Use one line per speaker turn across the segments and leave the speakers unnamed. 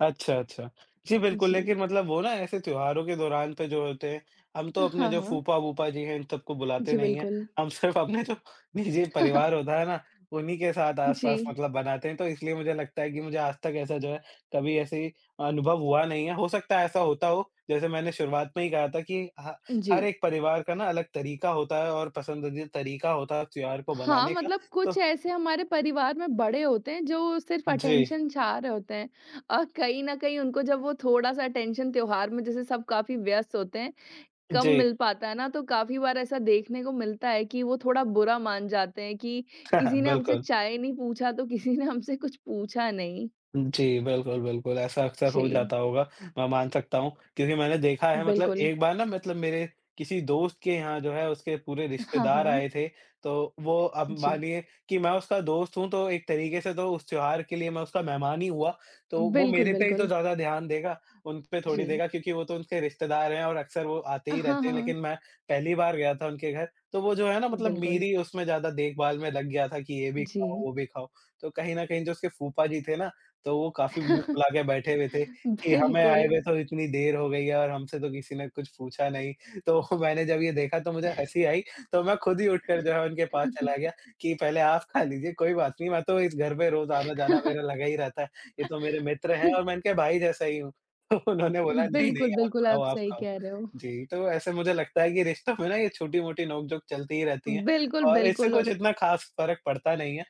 अच्छा, अच्छा। जी बिल्कुल,
जी।
लेक़िन मतलब वो ना ऐसे त्योहारों के दौरान पे जो होते हैं, हम
अ,
तो अपने
हाँ,
जो
हाँ।
फूपा-बूपा जी हैं, इन सबको बुलाते
जी
नहीं हैं।
बिल्कुल।
हम सिर्फ़ अपने जो निजी परिवार होता है ना, उन्हीं के साथ आस-पास
जी।
मतलब बनाते हैं। तो इसलिए मुझे लगता है कि मुझे आज तक ऐसा जो है, कभी ऐसे ही अ, अनुभव हुआ नहीं है। हो सकता है ऐसा होता हो जैसे मैंने शुरुआत में ही कहा था कि ह
उ,
हर
जी।
एक परिवार का ना अलग तरीक़ा होता है और पसंदीदा तरीक़ा होता है त्योहार को
हाँ,
बनाने का।
मतलब कुछ
तो
ऐसे हमारे परिवार में बड़े होते हैं जो सिर्फ़
उ, जी।
अटेन्शन चाह रहे होते हैं और कहीं न कहीं उनको जब वो थोड़ा-सा अटेन्शन त्योहार में जैसे सब काफ़ी व्यस्त होते हैं, कम
जी।
मिल पाता है ना तो काफ़ी बार ऐसा देखने को मिलता है कि वो थोड़ा बुरा मान जाते हैं कि किसी ने हमसे
बिल्कुल।
चाय नहीं पूछा तो किसी ने हमसे कुछ पूछा नहीं।
जी बिल्कुल, बिल्कुल ऐसा अक्सर हो
जी।
जाता होगा। मैं मान सकता हूँ क्योंकि मैंने देखा है मतलब
बिल्कुल।
एक बार ना मतलब मेरे किसी दोस्त के यहाँ जो है उसके पूरे
हाँ,
रिश्तेदार आए
हाँ।
थे। तो वो अब
जी।
मानिए कि मैं उसका दोस्त हूँ तो एक तरीक़े से तो उस त्योहार के लिए मैं उसका मेहमान ही हुआ। तो वो
बिल्कुल,
मेरे पे ही तो
बिल्कुल।
ज़्यादा ध्यान देगा, उन पे थोड़ी
जी।
देगा क्योंकि वो तो उसके रिश्तेदार हैं और अक्सर वो आते
अ,
ही
हाँ,
रहते हैं।
हाँ।
लेक़िन मैं पहली बार गया था उनके घर तो वो जो है ना मतलब
बिल्कुल।
मेरी उसमें ज़्यादा देखभाल में लग गया था कि ये भी ख़ाओ,
जी।
वो भी ख़ाओ। तो कहीं न कहीं जो उसके फूपा जी थे ना, तो वो काफ़ी मुँह फुला के बैठे हुए थे कि हमें
बिल्कुल
आए हुए तो इतनी देर हो गई है और हमसे तो किसी ने कुछ पूछा नहीं। तो मैंने जब ये देखा तो मुझे हँसी आई तो मैं ख़ुद ही उठकर जो है उनके पास चला गया कि, "पहले आप ख़ा लीजिए, कोई बात नहीं। मैं तो इस घर पे रोज़ आना-जाना मेरा लगा ही रहता है। ये तो मेरे मित्र हैं और मैं इनके भाई जैसा ही हूँ।" तो उन्होंने बोला, "नहीं,
बिल्कुल,
नहीं आप
बिल्कुल।
ख़ाओ,
आप
आप
सही
ख़ाओ।"
कह रहे हो।
जी तो ऐसे मुझे लगता है कि रिश्तों में ना ये छोटी-मोटी नोक-झोंक चलती ही रहती हैं
बिल्कुल,
और इससे कुछ
बिल्कुल।
इतना ख़ास फ़र्क पड़ता नहीं है।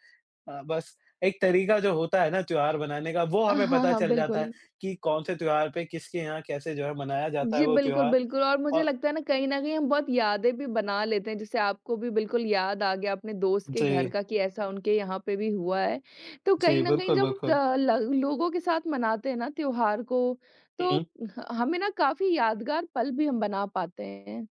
अ, बस एक तरीक़ा जो होता है ना त्योहार बनाने का, वो
अ,
हमें
हाँ,
पता
हाँ,
चल जाता है
बिल्कुल।
कि कौन-से त्योहार पे किसके यहाँ कैसे जो है मनाया जाता है
जी
वो
बिल्कुल,
त्योहार
बिल्कुल और मुझे
अ
लगता है ना कहीं न कहीं हम बहुत यादें भी बना लेते हैं, जैसे आपको भी बिल्कुल याद आ गया अपने दोस्त के घर
जी।
का कि ऐसा उनके यहाँ पे भी हुआ है। तो
जी
कहीं न कहीं
बिल्कुल,
जब
बिल्कुल।
अ, ल ल लोगों के साथ मनाते हैं ना त्योहार को तो
हुँ।
ह हमें ना काफ़ी यादगार पल भी हम बना पाते हैं।